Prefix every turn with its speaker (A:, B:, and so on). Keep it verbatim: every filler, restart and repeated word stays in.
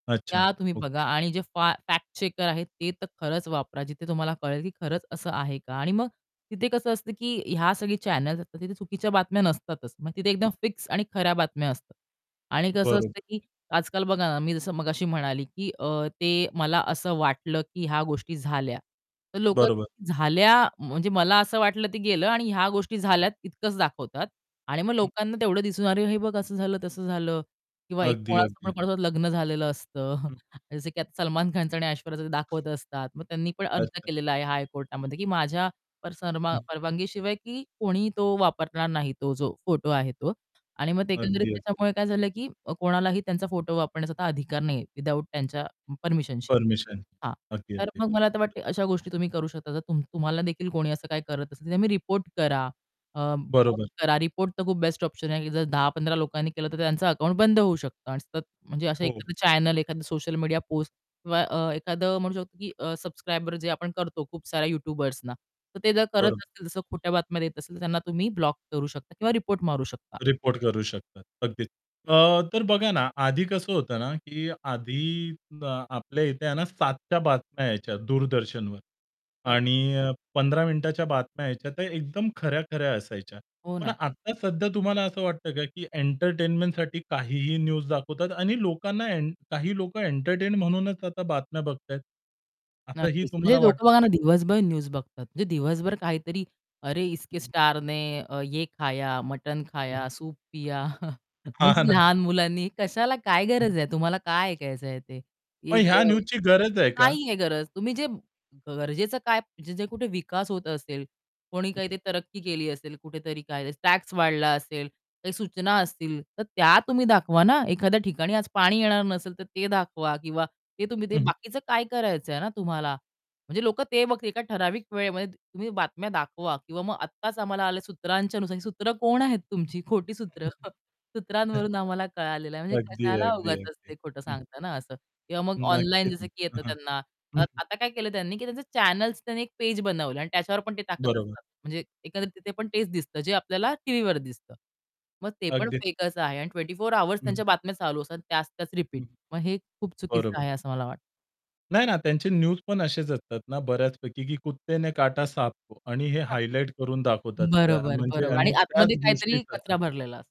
A: अच्छा.
B: त्या तुम्ही बघा
A: ओके.
B: आणि जे फॅ फॅक्ट-चेकर आहेत, ते तर खरंच वापरा. जिथे तुम्हाला कळेल की खरंच असं आहे का? आणि मग तिथे कसं असतं की ह्या सगळ्या चॅनल्स असतात. तिथे चुकीच्या बातम्या नसतातच. मग तिथे एकदम फिक्स आणि खऱ्या बातम्या असतात. आणि कसं
A: बरोब
B: असतं की, आजकाल बघा ना, मी जसं मगाशी म्हणाली की अ, ते मला असं वाटलं की ह्या गोष्टी झाल्या. तर लोकं
A: बरोबर.
B: झाल्या म्हणजे मला असं वाटलं ते गेलं आणि ह्या गोष्टी झाल्यात इतकंच दाखवतात. आणि मग
A: हं.
B: लोकांना तेवढं दिसून, अरे हे बघ, असं झालं, तसं झालं किंवा
A: अगदी, अगदी.
B: कोणाचं लग्न झालेलं असतं.
A: हं.
B: जसं की आता सलमान खानचं आणि ऐश्वर्याचं दाखवत असतात. मग त्यांनी पण अर्ज
A: अच्छा.
B: केलेला आहे हाय कोर्टामध्ये की माझ्या पारसा
A: हं.
B: परवानगी शिवाय की कोणीही तो वापरणार नाही तो जो फोटो आहे तो. आणि मग ते एकंदरीत
A: अगदी, अगदी.
B: त्याच्यामुळे काय झालं? की कोणालाही त्यांचा फोटो वापरण्याचा अधिकार नाहीये, विथआऊट त्यांच्या परमिशन शिवाय.
A: परमिशन.
B: हां,
A: अगदी,
B: तर
A: अगदी.
B: मग मला आता वाटतंय, अशा गोष्टी तुम्ही करू शकता. जर तुम तुम्हाला देखील कोणी असं काही करत असेल ते मग रिपोर्ट करा. अ, [unintelligible]
A: बरोबर.
B: करा. रिपोर्ट तर खूप बेस्ट ऑप्शन आहे की जर दहा पंधरा लोकांनी केलं तर त्यांचं अकाउंट बंद होऊ शकतं. आणि सतत म्हणजे असं
A: हो.
B: एखादं चॅनल एखादं सोशल मीडिया पोस्ट अ, किंवा एखादं म्हणू शकतो की अ, सबस्क्रायब जे आपण करतो खूप साऱ्या यूट्यूबर्सना तर ते जर करत
A: बरो
B: असतील. तसं खोट्या बातम्या देत असतील, तर त्यांना तुम्ही ब्लॉक करू शकता किंवा रिपोर्ट मारू शकता.
A: रिपोर्ट करू शकतात. अगदीच. अ, तर बघा ना आधी कसं होतं ना कीआधी आपल्या इथे आहे ना सात च्या बातम्या यायच्या दूरदर्शनवर
B: बरं.
A: आणि पंधरा मिनिटाच्या बातम्या यायच्या, तर एकदम खऱ्या-खऱ्या असायच्या.
B: हो
A: पण
B: ना.
A: आता सध्या तुम्हाला असं वाटतं का? की एंटरटेनमेंटसाठी काहीही न्यूज दाखवतात आणि लोकांना एं काही लोकं एंटरटेन म्हणूनच, आता बातम्या बघतायत. असंही
B: नक्कीच.
A: तुम्हाला
B: म्हणजे लोकं
A: वाटतं
B: बघा
A: का?
B: ना, दिवसभर न्यूज बघतात. म्हणजे दिवसभर काहीतरी अरे, इसके स्टारने ये खाया, मटन
A: हं.
B: खाया, सूप पिया
A: हां,
B: म्हणजे
A: ना.
B: लहान मुलांनी कशाला काय
A: हं.
B: गरज आहे? तुम्हाला काय ऐकायचंय ते?
A: मग ह्या न्यूज
B: [unintelligible]
A: ची गरज आहे का?
B: नाहीये गरज. तुम्ही जे गरजेचं काय? जे-जे कुठे विकास होत असेल, कोणी काही ते तरक्की केली असेल, कुठेतरी काय टॅक्स वाढला असेल, काही सूचना असतील तर त्या तुम्ही दाखवा ना. एखाद्या ठिकाणी आज पाणी येणार नसेल तर ते दाखवा किंवा ते तुम्ही ते
A: हं, हं.
B: बाकीचं काय करायचंय ना तुम्हाला? म्हणजे लोकं ते बघतील एका ठराविक वेळेमध्ये तुम्ही बातम्या दाखवा किंवा मग आत्ताच आम्हाला आल सूत्रांच्या नुसार, सूत्र कोण आहेत तुमची? खोटी सूत्र
A: अच्छा,
B: सूत्रांवरून आम्हाला कळालेलं आहे,
A: अच्छा.
B: म्हणजे
A: अगदी,
B: कशाला
A: अगदी,
B: उगाचच
A: अगदी.
B: ते खोटं
A: हं.
B: सांगता ना असं किंवा मग ऑनलाईन
A: नक्कीच
B: जसं
A: ना.
B: की
A: अ,
B: येतं,
A: हं.
B: त्यांना
A: हं.
B: आता काय केलं त्यांनी की त्यांचे चॅनल्स त्यांनी एक पेज बनवलं आणि त्याच्यावर पण ते टाकत
A: बरोबर.
B: असतात. म्हणजे एकंदरीत तिथे पण तेच दिसतं, जे आपल्याला टीव्हीवर दिसतं. मग ते पण
A: अगदीच.
B: फेक असं आहे आणि ट्वेंटी फोर आवर्स
A: हं.
B: त्यांच्या बातम्या चालू असतात, त्याच-त्याच रिपीट.
A: हं.
B: मग हे खूप चुकीचं
A: बरोबर.
B: आहे असं मला वाटतं.
A: नाही ना. त्यांचे न्यूज पण असेच असतात ना बऱ्याचपैकी, की कुत्ते ने काटा सांपकों आणि हे हायलाइटकरून दाखवतात. त्या
B: बरोबर,
A: म्हणजे
B: बरोबर आणि
A: आणि
B: आतमध्ये
A: त्याच गोष्टी
B: काहीतरी कचरा
A: होतात.
B: भरलेला असतो.